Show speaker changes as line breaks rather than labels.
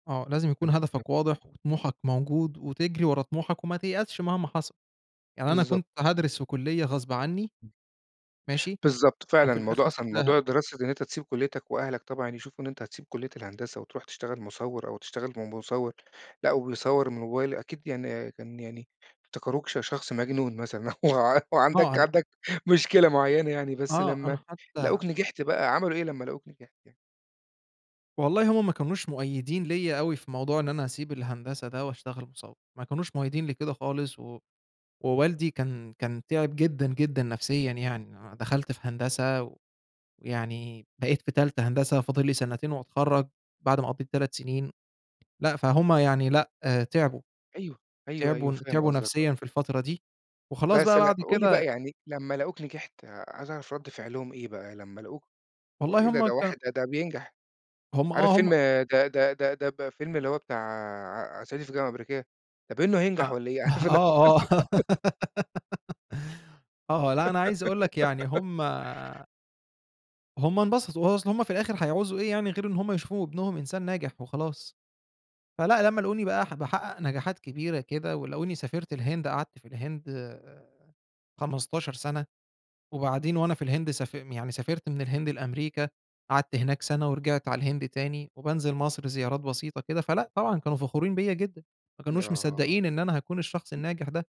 آه، لازم يكُون
[unintelligible]
هدفك واضح، وطموحك موجود، وتجري ورا طموحك وما تيأسش مهما حصَل. يعني أنا
بالضبط.
كنت هادرِس في كلية غصب عني،
إمم.
ماشي،
بالضبط فعلًا،
وفي الآخر
الموضوع أصلًا
سِبتها.
موضوع الدراسة ده إن أنت تسيب كليتك وأهلك طبعًا يشوفوا إن أنت هتسيب كلية الهندسة وترُوح تشتغل مصوّر أو تشتغل م مصوّر، لأ وبيصوّر من الموبايل، أكيد يعني كان يعني، افتكروك ش شخص مجنون مثلًا أو أو
آه
عندك
هن
عندك مشكلة معينة يعني، بس
آه،
لمّا
أنا حتّى
لقوك نجحت بقى، عملوا إيه لمّا لقوك نجحت يعني؟
والله هُم ما كانوش مؤيّدين ليّا أوي في موضوع إن أنا أسيب الهندسة ده وأشتغل مصوّر، ما كانوش مؤيّدين لكده خالص، و ووالدي كان كان تِعب جدًا، جدًا نَفْسيًا يعني، أ دخَلت في هندسة ويعني بقيت في تالتة هندسة، فاضل لي سنتين وأتخرّج، بعد ما قضّيت 3 سنين، لأ، فهُم يعني لأ تعبوا،
أيوه، أيوه،
تعبوا
أيوه،
ن
فاهم
تعبوا
قصدك، آه.
نَفْسيًا في الفترة دي، وخلاص
بس
بقى
ل
بعد
قُل لي بقى
كده
يعني لمّا لقوك نجحت، عايز أعرف رد فعلهم إيه؟ بقى لمّا لقوك
والله
وإيه ده!
هُم
ده
كانوا
واحد ده بينجح،
هُم
عارف
آه،
فيلم
هُم
ده ده ده ده ب الفيلم اللي هو بتاع صعيدي في الجامعة الأمريكية؟ ده باينه هينجح
آه،
والّا إيه، عارف اللي هو
آه، آه، آه، لأ أنا عايز أقول لك يعني هُم هُم انبسطوا، أصل هُم في الآخر هيعوزوا إيه يعني غير إن هُم يشوفوا ابنهم إنسان ناجح وخلاص، فلأ لمّا لقوني بقى ح باحقّق نجاحات كبيرة كده ولقوني سافرت الهند قعدت في الهند آآ 15 سَنة، وبعدين وأنا في الهند ساف يعني سافرت من الهند لأمريكا، قعدت هناك سَنة ورجِعت على الهند تاني، وبانزِل مصر زيارات بسيطة كده، فلأ طبعًا كانوا فخورين بيّا جدًا، ما كانوش
آه.
مصدّقين إن أنا هاكُون الشخص
[unintelligible]
الناجح ده.